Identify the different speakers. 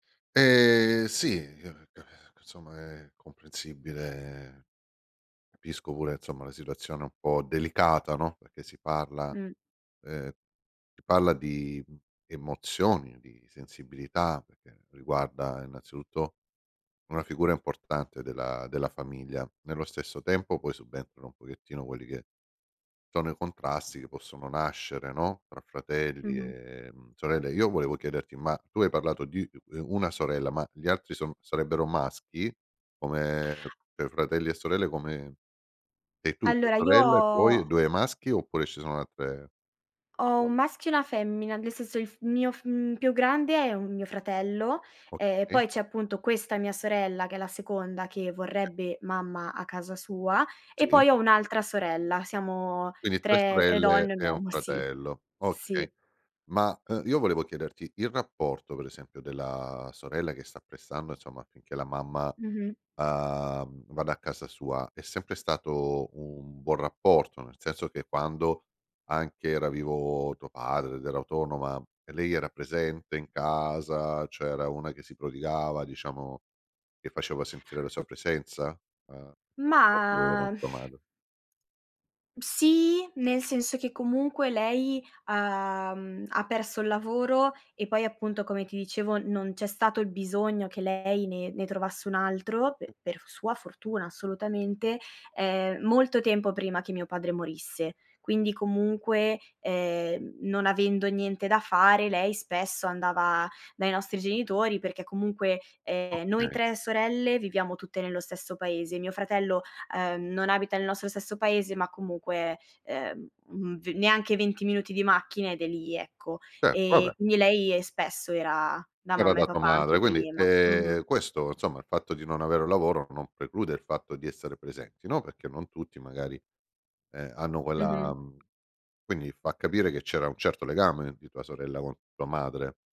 Speaker 1: Eh sì, [unintelligible] insomma è comprensibile. Capisco pure insomma la situazione un po' delicata, no, perché si parla
Speaker 2: Mh.
Speaker 1: ehm, si parla di emozioni, di sensibilità, perché riguarda innanzitutto una figura importante della della famiglia. Nello stesso tempo, poi subentrano un pochettino quelli che sono i contrasti che possono nascere, no, tra fratelli
Speaker 2: Mh-mh.
Speaker 1: e sorelle. Io volevo chiederti: ma tu hai parlato di, uhm, 1 sorella ma gli altri son sarebbero maschi? Come cioè, fratelli e sorelle come sei tu, tua
Speaker 2: Allora io
Speaker 1: sorella e poi
Speaker 2: ho
Speaker 1: 2 maschi oppure ci sono altre
Speaker 2: ho 1
Speaker 1: [unintelligible]
Speaker 2: maschio e 1 femmina. Nel senso, il f mio f mhmm, più grande è un mio fratello e
Speaker 1: Okay.
Speaker 2: poi c'è appunto questa mia sorella, che è la seconda, che
Speaker 1: [unintelligible]
Speaker 2: vorrebbe mamma a casa sua e
Speaker 1: Sì.
Speaker 2: poi ho 1 altra sorella. Siamo
Speaker 1: Quindi, 3
Speaker 2: 3, 3
Speaker 1: sorelle
Speaker 2: donne e 1
Speaker 1: e 1
Speaker 2: uomo, sì.
Speaker 1: fratello. Okay,
Speaker 2: Sì.
Speaker 1: ma, uhm, io volevo chiederti: il rapporto, per esempio, della sorella che sta pressando insomma affinché la mamma,
Speaker 2: Mh-mh.
Speaker 1: uhm, vada a casa sua è sempre stato un buon rapporto, nel senso che quando anche era vivo tuo padre ed era autonoma, lei era presente in casa, cioè era una che si prodigava diciamo che faceva sentire la sua presenza? Uhm, il rapporto con
Speaker 2: Mah
Speaker 1: tua madre.
Speaker 2: Sì, nel senso che comunque lei ha mhmm, ha perso il lavoro e poi appunto come ti dicevo non c'è stato il bisogno che lei ne ne trovasse un altro, pe per sua fortuna, assolutamente, ehm, molto tempo prima che mio padre morisse. Quindi comunque, ehm, non avendo niente da fare lei spesso andava dai nostri genitori perché comunque, ehm, noi
Speaker 1: Okay.
Speaker 2: 3 sorelle viviamo tutte nello stesso paese. Mio fratello, uhm, non abita nel nostro stesso paese, ma comunque, uhm, v neanche 20 minuti di macchina ed è lì, ecco.
Speaker 1: Cer vabbè.
Speaker 2: E quindi, lei spesso era da
Speaker 1: Era
Speaker 2: mamma
Speaker 1: da
Speaker 2: e
Speaker 1: tua
Speaker 2: papà anche
Speaker 1: madre. Quindi,
Speaker 2: prima, mh-mh.
Speaker 1: ehm, questo insomma, il fatto di non avere lavoro non preclude il fatto di essere presenti, no, perché non tutti magari, ehm, hanno
Speaker 2: Mh-mh.
Speaker 1: quella quindi fa capire che c'era un certo legame di tua sorella con tua madre.